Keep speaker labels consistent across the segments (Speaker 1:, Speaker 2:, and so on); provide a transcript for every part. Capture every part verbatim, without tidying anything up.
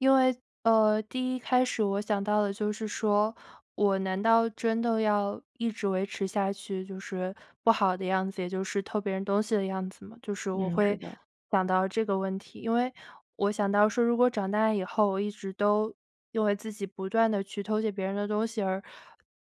Speaker 1: 因为，呃，第一开始我想到的就是说，我难道真的要一直维持下去就是不好的样子，也就是偷别人东西的样子吗？就是我
Speaker 2: 嗯，是
Speaker 1: 会
Speaker 2: 的。
Speaker 1: 想到这个问题，因为我想到说如果长大以后，我一直都因为自己不断地去偷窃别人的东西，而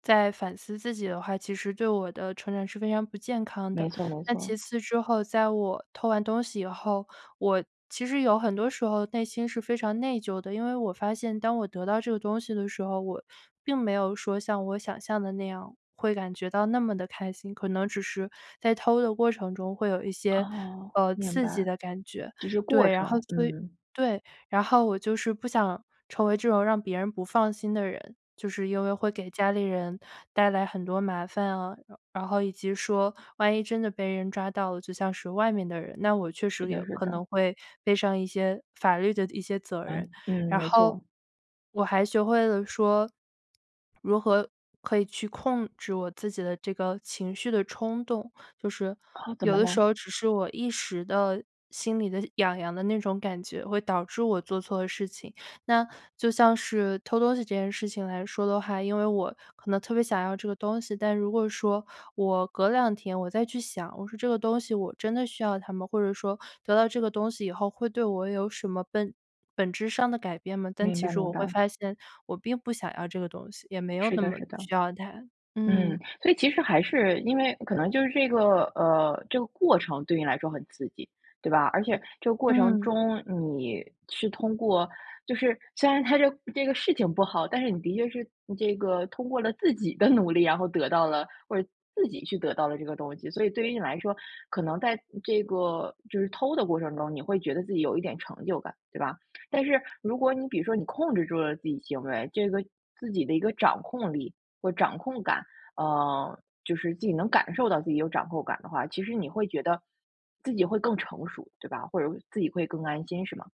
Speaker 1: 在反思自己的话，其实对我的成长是非常不健康的。
Speaker 2: 没错没
Speaker 1: 那其
Speaker 2: 错。
Speaker 1: 次之后，在我偷完东西以后，我其实有很多时候内心是非常内疚的，因为我发现当我得到这个东西的时候，我并没有说像我想象的那样会感觉到那么地开心，可能只是在偷的过程中会有一些，
Speaker 2: 哦。
Speaker 1: 呃，
Speaker 2: 明
Speaker 1: 刺激
Speaker 2: 白。
Speaker 1: 的感觉。
Speaker 2: 只是过
Speaker 1: 对，然后
Speaker 2: 程。
Speaker 1: 所以
Speaker 2: 嗯。
Speaker 1: 对，然后我就是不想成为这种让别人不放心的人，就是因为会给家里人带来很多麻烦啊，然然后以及说万一真的被人抓到了，就像是外面的人，那我确
Speaker 2: 是
Speaker 1: 实也
Speaker 2: 的是
Speaker 1: 可
Speaker 2: 的。
Speaker 1: 能会背上一些法律的一些责任。
Speaker 2: 嗯，嗯，
Speaker 1: 然
Speaker 2: 没
Speaker 1: 后
Speaker 2: 错。
Speaker 1: 我还学会了说如何可以去控制我自己的这个情绪的冲动，就是
Speaker 2: 哦，怎
Speaker 1: 有
Speaker 2: 么
Speaker 1: 的时
Speaker 2: 了？
Speaker 1: 候只是我一时的心里的痒痒的那种感觉，会导致我做错事情。那就像是偷东西这件事情来说的话，因为我可能特别想要这个东西，但如果说我隔两天我再去想，我说这个东西我真的需要它吗？或者说得到这个东西以后会对我有什么本本质上的改变吗？但
Speaker 2: 明
Speaker 1: 其
Speaker 2: 白
Speaker 1: 实
Speaker 2: 明
Speaker 1: 我会
Speaker 2: 白。
Speaker 1: 发现我并不想要这个东西，也没有
Speaker 2: 是
Speaker 1: 那
Speaker 2: 的
Speaker 1: 么
Speaker 2: 是的。
Speaker 1: 需要它。
Speaker 2: 嗯，
Speaker 1: 嗯。
Speaker 2: 所以其实还是因为可能就是这个呃，这个过程对你来说很刺激，对吧？而且这个过程
Speaker 1: 嗯。
Speaker 2: 中你是通过就是虽然它这这个事情不好，但是你的确是这个通过了自己的努力，然后得到了或者自己去得到了这个东西，所以对于你来说，可能在这个就是偷的过程中，你会觉得自己有一点成就感，对吧？但是如果你比如说你控制住了自己行为这个自己的一个掌控力或掌控感呃，就是自己能感受到自己有掌控感的话，其实你会觉得自己会更成熟，对吧？或者自己会更安心是吗？